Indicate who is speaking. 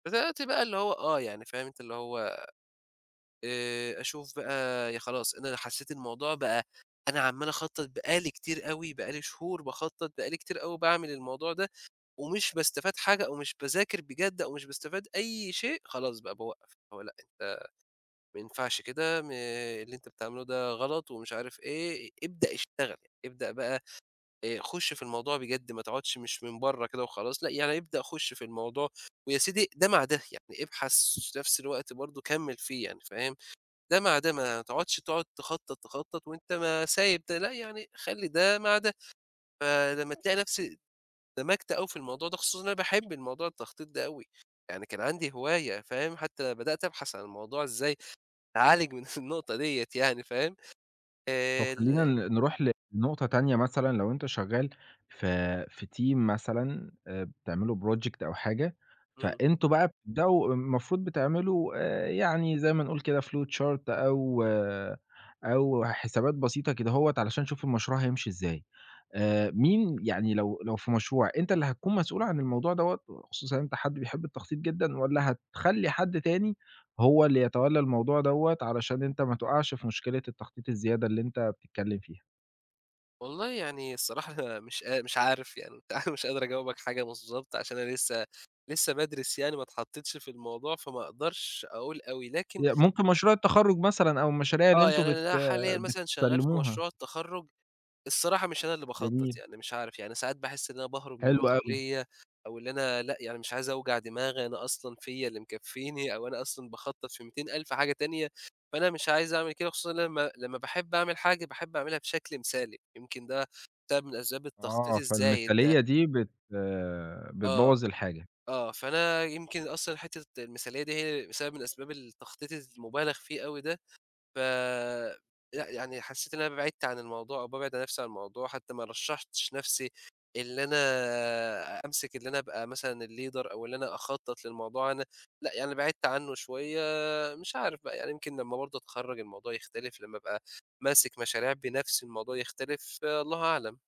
Speaker 1: فَزَي دلوقتي بقى اللي هو آه، يعني فاهم أنت اللي هو آآ أشوف بقى ي خلاص، أنا حسّيت الموضوع بقى أنا عمّال أخطّط بقى لي كتير أوي، بقى لي شهور باخطّط، بقى لي كتير أوي باعمل الموضوع ده ومش باستفاد حاجة أو مش باذاكر بجد أو مش باستفاد أي شيء، خلاص بقى باوقّف اللي هو لأ أنت ما ينفعش كده م اللي أنت بتعمله ده غلط ومش عارف إيه، ابدأ اشتغل، أبدأ بقى آآ خُش في الموضوع بجد ما تقعُدش مش من برّه كده وخلاص، لأ يعني ابدأ خُش في الموضوع ويا سيدي ده مع ده، يعني ابحث وفي نَفس الوقت برضه كمّل فيه يعني فاهم، ده مع ده ما تقعُدش تقعُد تخطّط، تخطّط وأنت ما سايب ده، لأ يعني خلّي ده مع ده. فلمّا تلاقي نفسي اندمجت أوي في الموضوع ده خصوصًا إن أنا باحب الموضوع التخطيط ده أوي. يعني كان عندي هواية فاهم، حتّى بدأت أبحث عن الموضوع إزاي أعالج من النقطة دِيّة يعني فاهم،
Speaker 2: طَب
Speaker 1: آآ
Speaker 2: خلّينا
Speaker 1: ال
Speaker 2: ن نروح لنقطة تانية مثلًا لو أنت شغّال في في team مثلًا آآ بتعملوا project أو حاجة،
Speaker 1: إمم.
Speaker 2: فأنتم بقى بتبدأوا المفروض بتعملوا آآ يعني زي ما نقول كده flowchart أو أو حسابات بسيطة كدهوّة عشان أشوف المشروع هيمشي إزاي، آآ مين يعني لو لو في مشروع، أنت اللي هتكون مسؤول عن الموضوع دَوّة وخصوصًا إن أنت حد بيحب التخطيط جدًا والّا هتخلّي حد تاني هو اللي يتولّى الموضوع دَوّة علشان أنت ما تُقعَش في مشكلة التخطيط الزيادة اللي أنت بتتكلّم فيها؟
Speaker 1: والله يعني الصراحة أنا مش قا مش عارف يعني وبتاع، مش قادر أجاوبك حاجة بالضبط عشان أنا لسّه لسّه بادرِس يعني ما اتحطّيتش في الموضوع، فما أقدرش أقول أوي، لكن
Speaker 2: يا ممكن مشروع التخرُّج مثلًا أو المشاريع اللي
Speaker 1: آه.
Speaker 2: أنتم
Speaker 1: يعني
Speaker 2: بت
Speaker 1: أنا ال حاليًا مثلًا شغّال في
Speaker 2: بتسلّموها.
Speaker 1: مشروع التخرُّج، الصراحة مش أنا اللي باخطّط
Speaker 2: جميل.
Speaker 1: يعني مش عارف. يعني ساعات باحِس إن أنا باهرب من
Speaker 2: حلو أوي.
Speaker 1: المسؤولية أو اللي أنا لأ يعني مش عايز أوجع دماغي أنا أصلًا فيّا اللي مكفّيني أو أنا أصلًا باخطّط في ميّتين ألف حاجة تانية، فأنا مش عايز أعمل كده خصوصًا إن أنا لمّا لمّا باحب أعمل حاجة، باحب أعملها بشكل مثالي، يمكن ده سبب من أسباب التخطيط
Speaker 2: آه.
Speaker 1: الزايد ده.
Speaker 2: فالمثالية دي بت
Speaker 1: آه.
Speaker 2: بتبوّظ الحاجة.
Speaker 1: آه. فأنا يمكن أصلًا حتّة المثالية دي هي سبب من أسباب التخطيط الز المُبالغ فيه أوي ده، ف لأ، يعني حسّيت إن أنا بعِدت عن الموضوع أو بابعد عن نفسي عن الموضوع، حتّى ما رشّحتش نَفْسي اللي أنا أمسِك اللي أنا أبقى مثلًا الleader أو اللي أنا أخطّط للموضوع أنا لأ يعني بعِدت عنّه شوية مش عارف بقى يعني يمكن لمّا برضه أتخرَّج الموضوع يختلف، لمّا أبقى ماسِك مشاريع بنَفْسي الموضوع يختلف، الله أعلم.